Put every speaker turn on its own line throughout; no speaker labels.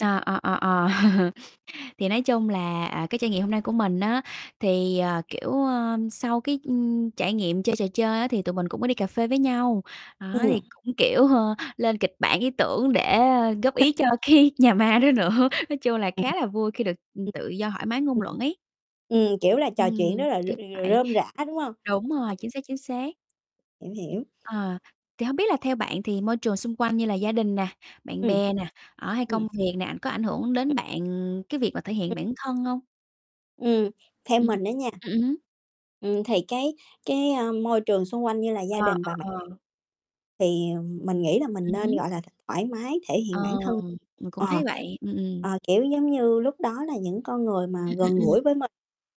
Ờ, ờ, ờ, ờ. [unintelligible] Thì nói chung là, à, cái trải nghiệm hôm nay của mình á thì, ờ, kiểu, ơ, sau cái, ưm, trải nghiệm chơi trò chơi á thì tụi mình cũng có đi cà phê với nhau, đó, thì
Ừm.
cũng kiểu, hơ, lên kịch bản, ý tưởng để góp
[unintelligible]
ý cho cái nhà ma đó nữa, nói chung là
Ừm, ừm.
khá là vui khi được, ừm,
Ừm.
tự do thoải mái ngôn
Ừm,
luận
ừm.
ấy.
Ừm, kiểu là trò chuyện rất
Ừm,
là r
kiểu
r
vậy.
rơm rả, đúng hông?
Đúng rồi, chính xác, chính xác.
Hiểu, hiểu.
Ờ, thì hông biết là theo bạn thì môi trường xung quanh như là gia đình nè, bạn
Ừm.
bè nè, đó, hay
Ừm.
công việc nè, ảnh có ảnh hưởng đến bạn cái việc mà thể hiện bản thân hông?
Ừm, theo
Ừm,
mình đó nha
ừm hứm.
ừm, thì cái cái, ơ, môi trường xung quanh như là gia
Ờ,
đình và bạn
ờ, ờ.
thì, ừm, mình nghĩ là mình
Ừm
nên,
hứm.
gọi là, thoải mái thể
Ờ,
hiện bản thân.
mình cũng thấy
Ờ.
vậy. Ừm, ừm.
Ờ, kiểu giống như lúc đó là những con người mà
Ừm,
gần
ừm, ừm.
gũi với mình,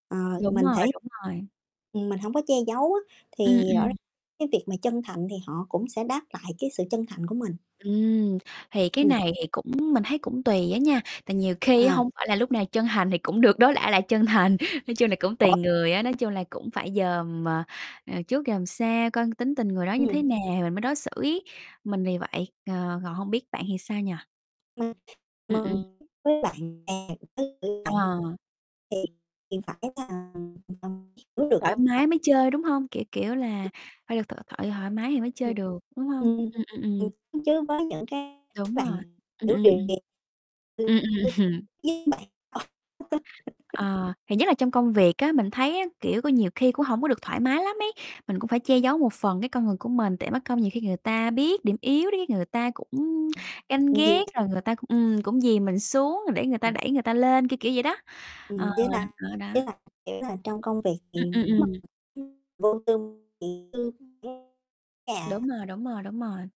ờ,
Đúng
mình
rồi,
thể
đúng rồi.
ừm, mình hổng có che giấu á, thì
Ừm,
rõ r
ừm.
cái việc mà chân thành thì họ cũng sẽ đáp lại cái sự chân thành của mình.
Ừm, thì cái
Ừm.
này thì cũng mình thấy cũng tùy á nha. Tại nhiều khi
À.
hông phải là lúc nào chân hành thì cũng được đối đãi lại là chân thành, nói chung là cũng tùy
Ủa?
người á, nói chung là cũng phải dòm mà, à, trước dòm sao coi tính tình người đó như thế
Ừm.
nào thì mình mới đối xử ấy. Mình vì vậy, ờ, còn hông biết bạn thì sao nhỉ?
[unintelligible]
Ừm, ừm.
với lại [unintelligible]
À.
thì phải là [unintelligible] cứ được
Thoải
mong.
mái
[unintelligible]
mới chơi, đúng hông? Kiểu kiểu là phải được tự thoại thoải mái thì mới chơi
Ừm.
được, đúng hông?
Ừm.
Ừm, ừm,
Ừm,
ừm.
chứ với những cái
Đúng
này,
rồi, ừm,
kiểu,
ừm,
điều
ừm.
kiện
Ừm, ừm.
[unintelligible]
Ờ, thì nhất là trong công việc á, mình thấy á, kiểu, có nhiều khi cũng hông có được thoải mái lắm ấy, mình cũng phải che giấu một phần cái con người của mình tại mắc công nhiều khi người ta biết điểm yếu điếc người ta cũng ganh ghét
[unintelligible]
rồi người ta cũng ừm, cũng dìm mình xuống để người ta
Ừm.
đẩy người ta lên, kiểu, kiểu vậy đó, ờ,
Ừm, với lại
đó, đó.
với lại kiểu là trong công việc
Ừm,
thì
ừm, ừm.
[unintelligible] vô tư thì [unintelligible] nhà.
Đúng rồi, đúng rồi, đúng rồi.